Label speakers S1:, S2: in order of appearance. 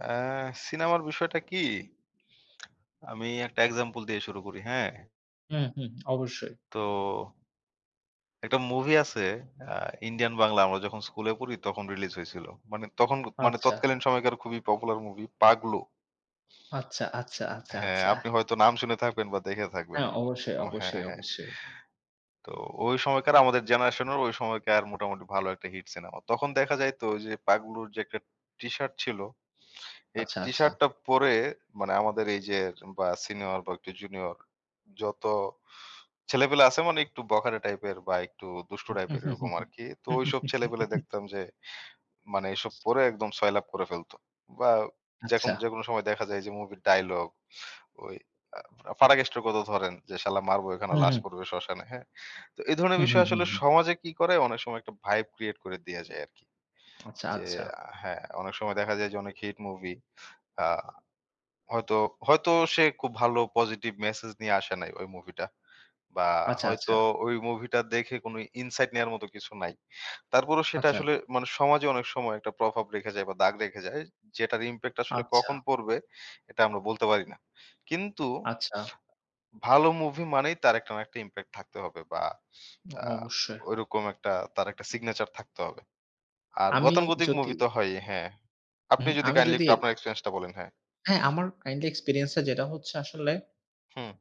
S1: অ্যা সিনেমার বিষয়টা কি? আমি একটা example দিয়ে শুরু করি, হ্যাঁ?
S2: হুম, হুম। অবশ্যই।
S1: তো একটা movie আছে আ Indian বাংলা, আমরা যখন স্কুলে পড়ি তখন release হয়েছিল। মানে তখন মানে
S2: আচ্ছা।
S1: তৎকালীন সময়কার খুবই popular movie, 'পাগলু'।
S2: আচ্ছা, আচ্ছা, আচ্ছা,
S1: হ্যাঁ,
S2: আচ্ছা।
S1: আপনি হয়তো নাম শুনে থাকবেন বা দেখে থাকবেন।
S2: হ্যাঁ, অবশ্যই,
S1: ও হ্যাঁ,
S2: অবশ্যই,
S1: হ্যাঁ।
S2: অবশ্যই।
S1: তো ওই সময়কার আমাদের generation-র ওই সময়কার মোটামুটি ভালো একটা হিট সিনেমা। তখন দেখা যাইত ওই যে, পাগলুর যে একটা T-shirt ছিল, এই
S2: আচ্ছা, আচ্ছা।
S1: T-shirt টা পরে মানে আমাদের এই যে বা senior বা একটু junior, যত ছেলেপেলে আছে মানে একটু বখাটে type-এর বা একটু দুষ্টু type-এর এরকম আরকি। তো ওইসব ছেলেপেলে দেখতাম যে, মানে এসব পরে একদম সয়লাব করে ফেলত বা যেকোন
S2: আচ্ছা।
S1: যেকোনো সময়ে দেখা যায় যে movie-র dialogue, ওই আ ফাটাকেস্টের কথা ধরেন যে, "শলা মারব এখানে
S2: হুম,
S1: লাশ
S2: হুম।
S1: পড়বে শ্মশানে," হ্যাঁ? তো এই ধরনের
S2: হুম,
S1: বিষয়
S2: হুম, হুম,
S1: আসলে
S2: হুম।
S1: সমাজে কি করে অনেক সময় একটা vibe create করে দিয়ে যায় আরকি।
S2: আচ্ছা,
S1: যে
S2: আচ্ছা।
S1: আ হ্যাঁ, অনেক সময় দেখা যায় যে অনেক hit movie আ হয়তো, হয়তো সে খুব ভালো positive message নিয়ে আসে নাই ওই movie টা, বা
S2: আচ্ছা, আচ্ছা।
S1: হয়তো ওই movie টা দেখে কোন insight নেয়ার মত কিছু নাই। তারপরও সেটা
S2: আচ্ছা।
S1: আসলে মানে সমাজে অনেক সময় একটা প্রভাব রেখে যায় বা দাগ রেখে যায় যেটার impact আসলে
S2: আচ্ছা।
S1: কখন পড়বে এটা আমরা বলতে পারি না। কিন্তু
S2: আচ্ছা।
S1: ভালো movie মানেই তার একটা না একটা impact থাকতে হবে বা
S2: অ
S1: আ
S2: অবশ্যই।
S1: ওইরকম একটা তার একটা signature থাকতে হবে। আর
S2: আমি
S1: গতানুগতিক
S2: যদি
S1: movie তো হয়ই, হ্যাঁ। আপনি
S2: হুম,
S1: যদি
S2: আমি
S1: কাইন্ডলি
S2: যদি
S1: একটু আপনার experience টা বলেন, হ্যাঁ।
S2: হ্যাঁ, আমার currently experience-এ যেটা হচ্ছে আসলে
S1: হুম।